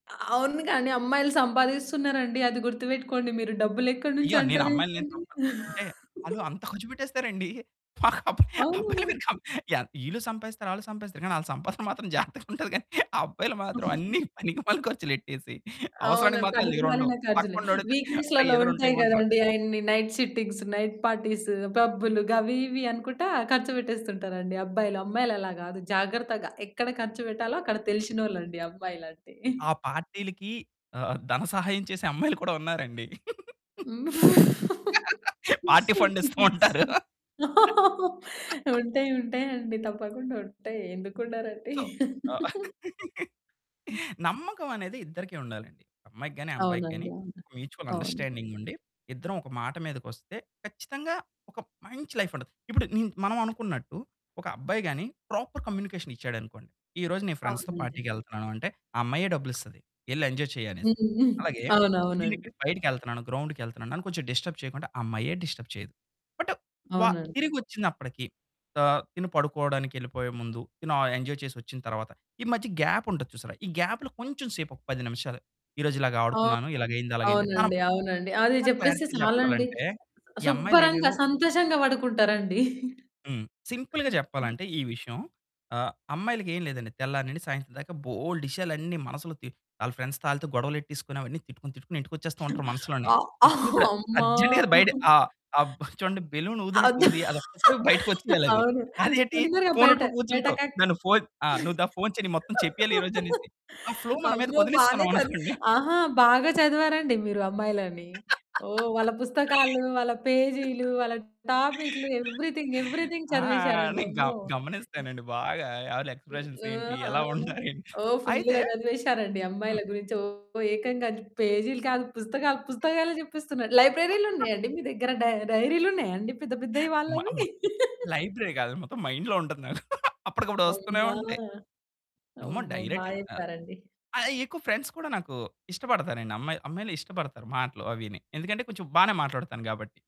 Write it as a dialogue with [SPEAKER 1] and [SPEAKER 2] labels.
[SPEAKER 1] అ అవును. కానీ అమ్మాయిలు సంపాదిస్తున్నారండి. అది గుర్తుపెట్టుకోండి మీరు. డబ్బులెక్కడి నుంచి
[SPEAKER 2] అయ్యో! నేను అమ్మాయిలనేం
[SPEAKER 1] అంటారేంటండి?
[SPEAKER 2] తప్పు అంటే, వాళ్ళు అంత ఖర్చుపెట్టేస్తారండి. [unintelligible] అబ్బాయిలు
[SPEAKER 1] అవును.
[SPEAKER 2] కం వీళ్ళు సంపాదిస్తారు, వాళ్ళు సంపాదిస్తారు కానీ వాళ్ళ సంపాదన మాత్రం జాగ్రత్తగా ఉంటది. కానీ అబ్బాయిలు మాత్రం అన్నీ పనికిమాలిన ఖర్చులెట్టేసి
[SPEAKER 1] అవును.
[SPEAKER 2] అవసరానికి మాత్రం వాళ్ళ దగ్గర ఉండవు.
[SPEAKER 1] పనికిమాలిన ఖర్చులే.
[SPEAKER 2] పక్కన్నో అడుగుతారు,
[SPEAKER 1] వీక్
[SPEAKER 2] "అరే!
[SPEAKER 1] డేస్‌లో
[SPEAKER 2] ఏదైనా ఉంటే
[SPEAKER 1] ఉంటాయి
[SPEAKER 2] ఇవ్వండి రా".
[SPEAKER 1] కదండీ. అయన్ని నైట్ షిఫ్టింగ్స్, నైట్ పార్టీస్, పబ్బులు గవి ఇవి అనుకుంటా ఖర్చు పెట్టేస్తుంటారండి అబ్బాయిలు. అమ్మాయిలు అలా కాదు. జాగ్రత్తగా ఎక్కడ ఖర్చు పెట్టాలో అక్కడ తెలిసినోళ్లండి అమ్మాయిలంటే.
[SPEAKER 2] ఆ! పార్టీలకి ఆహ్, ధన సహాయం చేసే అమ్మాయిలు కూడా ఉన్నారండి. పార్టీ ఫండ్ ఇస్తూ ఉంటారు.
[SPEAKER 1] ఉంటాయి ఉంటాయండి. తప్పకుండా ఉంటాయి. ఎందుకు ఉండరండి?
[SPEAKER 2] సో
[SPEAKER 1] హ్మ్.
[SPEAKER 2] నమ్మకమనేది ఇద్దరికీ ఉండాలండి. అమ్మాయికి గాని, అబ్బాయికి గాని
[SPEAKER 1] అవునండి. అవును,
[SPEAKER 2] మ్యూచువల్
[SPEAKER 1] అవును.
[SPEAKER 2] అండర్‌స్టాండింగ్ ఉండి, ఇద్దరం ఒక మాట మీదకొస్తే ఖచ్చితంగా ఒక మంచి లైఫ్ ఉంటది. ఇప్పుడు నిన్ మనం అనుకున్నట్టు ఒక అబ్బాయి గాని ప్రాపర్ కమ్యూనికేషన్ ఇచ్చాడనుకోండి. ఈరోజు నేను ఫ్రెండ్స్‌తో
[SPEAKER 1] అవునండి.
[SPEAKER 2] పార్టీకి వెళ్తున్నాను అంటే, ఆ అమ్మాయే డబ్బులు ఇస్తాది. వెళ్లి ఎంజాయ్ చెయ్యి
[SPEAKER 1] హ్మ్.
[SPEAKER 2] అనేసి. అలాగే నేను
[SPEAKER 1] అవునవునండి.
[SPEAKER 2] ఇక్కడ బయటికెళ్తున్నాను, గ్రౌండ్‌కి వెళ్తున్నాను, నన్ను కొంచెం డిస్టర్బ్ చేయకుండా ఆ అమ్మాయే డిస్టర్బ్ చేయదు. బట్
[SPEAKER 1] అవునండి.
[SPEAKER 2] తిరిగి వచ్చినప్పటికీ ఆహ్, తిను పడుకోవడానికి వెళ్ళిపోయే ముందు తిను, ఎంజాయ్ చేసి వచ్చిన తరువాత ఈ మధ్య గ్యాప్ ఉంటది చూసారా. ఈ గ్యాప్‌లో కొంచెం సేపు ఒక 10 నిమిషాలు ఈరోజు ఇలాగ
[SPEAKER 1] ఆ!
[SPEAKER 2] ఆడుకున్నాను, ఇలాగైయింది, అలాగైంది. తనం
[SPEAKER 1] అవునండి. అవునండి. అది
[SPEAKER 2] ఇంకా
[SPEAKER 1] చెప్పేస్తే
[SPEAKER 2] క్లారిటీ
[SPEAKER 1] చాలండి.
[SPEAKER 2] చెప్పాలంటే ఈ అమ్మాయిలు
[SPEAKER 1] శుభ్రంగా
[SPEAKER 2] ఏవేవో
[SPEAKER 1] సంతోషంగా పడుకుంటారండి.
[SPEAKER 2] హ్మ్. సింపుల్‌గా చెప్పాలంటే ఈ విషయం. ఆహ్, అమ్మాయిలకేం లేదండి. తెల్లారి నుండి సాయంత్రం దాకా బోలెడు విషయాలన్నీ అన్నీ మనసులో, తి వాళ్ళ ఫ్రెండ్స్‌తో గొడవలేట్టేసుకొని, అవన్నీ తిట్టుకుని తిట్టుకొని ఇంటికొచ్చేస్తూ ఉంటారు మనసులోనే.
[SPEAKER 1] అ
[SPEAKER 2] తిట్టుకుని ఇప్పుడు
[SPEAKER 1] అమ్మ!
[SPEAKER 2] అర్జెంట్‌గా బయట ఆ! ఆ! చూడండి, బెలూన్ ఊదినట్టు
[SPEAKER 1] వద్దు.
[SPEAKER 2] ఉంది. అది బయటకొచ్చేయాలి అది.
[SPEAKER 1] అవును.
[SPEAKER 2] అదేంటి
[SPEAKER 1] తొందరగా బయట
[SPEAKER 2] ఫోనొట్టుకొని
[SPEAKER 1] బయట
[SPEAKER 2] కూర్చుంటర్రు.
[SPEAKER 1] కక్
[SPEAKER 2] నన్ను ఫోను నువ్వు దా ఫోను చెయ్యి, మొత్తం చెప్పేయాలి ఈరోజు అనేసి. ఆ ఫ్లో మన మీదకి
[SPEAKER 1] అమ్మో! బానే చదివి
[SPEAKER 2] వదిలేసుకున్నామనుకోండి.
[SPEAKER 1] ఆహా! బాగా చదివారండి మీరు అమ్మాయిలని. ఓహ్! వాళ్ళ పుస్తకాలు, వాళ్ళ పేజీలు, వాళ్ళ టాపిక్లు ఎవ్రీథింగ్ ఎవ్రీథింగ్
[SPEAKER 2] ఆ!
[SPEAKER 1] చదివేసారండి.
[SPEAKER 2] నేను గ
[SPEAKER 1] అమ్మో! హ్మ్.
[SPEAKER 2] గమనిస్తానండి బాగా. ఎవరి
[SPEAKER 1] హ్మ్,
[SPEAKER 2] ఎక్స్‌ప్రెషన్స్ ఏంటి?
[SPEAKER 1] ఆహా!
[SPEAKER 2] ఎలా ఉంటారు?
[SPEAKER 1] ఓ
[SPEAKER 2] అయితే
[SPEAKER 1] ఫుల్‌గా చదివేసారండి అమ్మాయిల
[SPEAKER 2] హ్మ్.
[SPEAKER 1] గురించి. ఓ ఏకంగా పేజీలు కాదు, పుస్తకాలు. పుస్తకాలే చెప్పేస్తున్నారు. లైబ్రరీలు ఉన్నాయండి మీ దగ్గర? డై డైరీలు ఉన్నాయండి? పెద్ద పెద్దవి
[SPEAKER 2] మ
[SPEAKER 1] వాళ్ళవి?
[SPEAKER 2] మ లైబ్రరీ కాదు. మొత్తం మైండ్‌లో ఉంటది. నాకు అప్పటికప్పుడు వస్తూనే
[SPEAKER 1] అమ్మా!
[SPEAKER 2] ఉంటాయి. అమ్మో!
[SPEAKER 1] అమ్మో!
[SPEAKER 2] డైరెక్ట్‌
[SPEAKER 1] బాగా
[SPEAKER 2] ఆహ్,
[SPEAKER 1] చెప్పారండి.
[SPEAKER 2] ఆ! ఎక్కువ ఫ్రెండ్స్ కూడా నాకు ఇష్టపడతానండి. అమ్మాయి అమ్మాయిలు ఇష్టపడతారు మాటలు అవిని. ఎందుకంటే కొంచెం బాగానే మాట్లాడతాను గాబట్టి.